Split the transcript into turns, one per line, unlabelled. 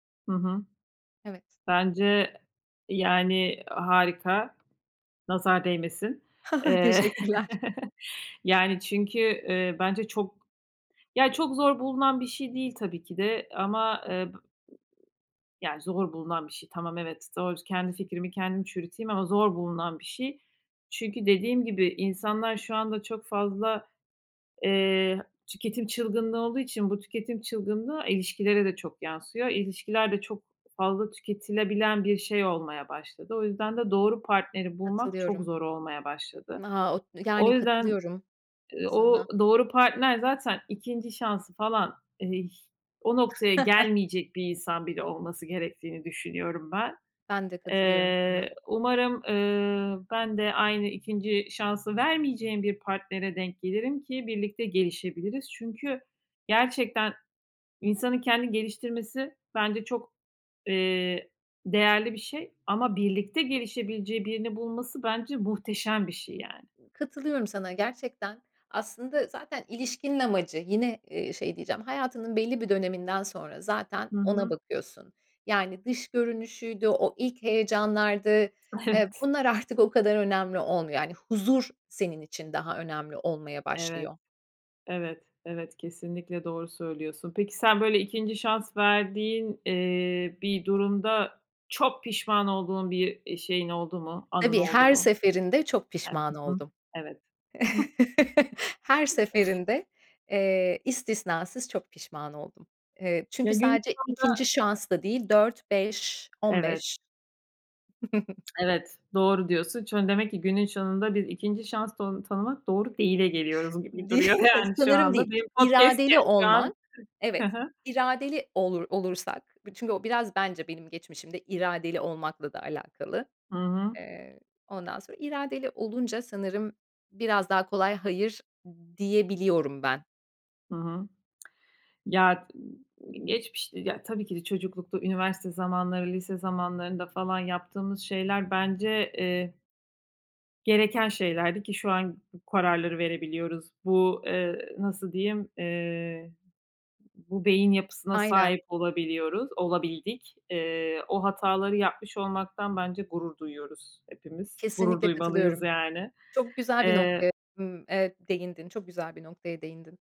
Hı hı.
Evet.
Bence, e yani, i harika. Nazar değmesin. Eee,
Teşekkürler.
yani, çünkü, eee, bence çok, ya, çok zor bulunan bir şey değil, tabii ki de, ama, eee, b yani, zor bulunan bir şey. Tamam, evet, doğru. Kendi fikrimi kendim çürüteyim ama zor bulunan bir şey. Çünkü dediğim gibi insanlar şu anda çok fazla, eee, tüketim çılgınlığı olduğu için bu tüketim çılgınlığı ilişkilere de çok yansıyor. İlişkiler de çok fazla tüketilebilen bir şey olmaya başladı. O yüzden de doğru partneri bulmak çok
Katılıyorum.
zor olmaya başladı.
Ha o,
O
yani
yüzden,
katılıyorum sana.
o doğru partner zaten 2'nci şansı falan, eee, o noktaya gelmeyecek bir insan bile olması gerektiğini düşünüyorum ben.
Ben de katılıyorum sana.
Eee, umarım, eee, ben de aynı 2'nci şansı vermeyeceğim bir partnere denk gelirim ki birlikte gelişebiliriz. Çünkü gerçekten insanın kendini geliştirmesi bence çok, eee, değerli bir şey ama birlikte gelişebileceği birini bulması bence muhteşem bir şey, yani.
Katılıyorum sana gerçekten. Aslında zaten ilişkinin amacı yine, eee, şey diyeceğim, hayatının belli bir döneminden sonra zaten
Hı
ona
hı.
bakıyorsun. Yani dış görünüşüydü, o ilk heyecanlardı, eee,
Evet.
bunlar artık o kadar önemli olmuyor. Yani huzur senin için daha önemli olmaya
Evet,
başlıyor.
evet, evet, kesinlikle doğru söylüyorsun. Peki, sen böyle 2'nci şans verdiğin, eee, bir durumda çok pişman olduğun bir, eee, şeyin oldu mu, anın
Tabii,
oldu
her
mu?
seferinde çok pişman
[unintelligible] Hı hı.
oldum.
Evet.
Her seferinde, eee, istisnasız çok pişman oldum. Eee,
Ya,
çünkü
günün
sadece
sonunda.
2'nci şans da değil, dört beş on
Evet.
beş
Evet, doğru diyorsun. Çoni demek ki günün sonunda bir 2'nci şansta tonu tanımak "doğru değil"e geliyoruz gibi duruyor,
[unintelligible]
yani, şu
Sanırım değil.
anda. Benim podcast
İradeli
[unintelligible] şu an.
olman.
Hı
Evet,
hı.
iradeli olur olursak bir çünkü o biraz bence benim geçmişimde iradeli olmakla da alakalı.
Hı hı.
Eee, ondan sonra iradeli olunca sanırım biraz daha kolay hayır diyebiliyorum ben.
Hı hı. Ya, i i geçmiş, ya, tabii ki de çocuklukta, üniversite zamanları, lise zamanlarında falan yaptığımız şeyler bence, eee gereken şeylerdi ki şu an bu kararları verebiliyoruz. Bu, eee, nasıl diyeyim, eee, ı bu beyin yapısına
Aynen.
sahip olabiliyoruz, olabildik. Eee, o hataları yapmış olmaktan bence gurur duyuyoruz hepimiz. Gurur
Kesinlikle
duymalıyız,
katılıyorum.
yani.
Çok güzel bir noktaya,
Eee
ımm, eee, değindin. Çok güzel bir noktaya değindin.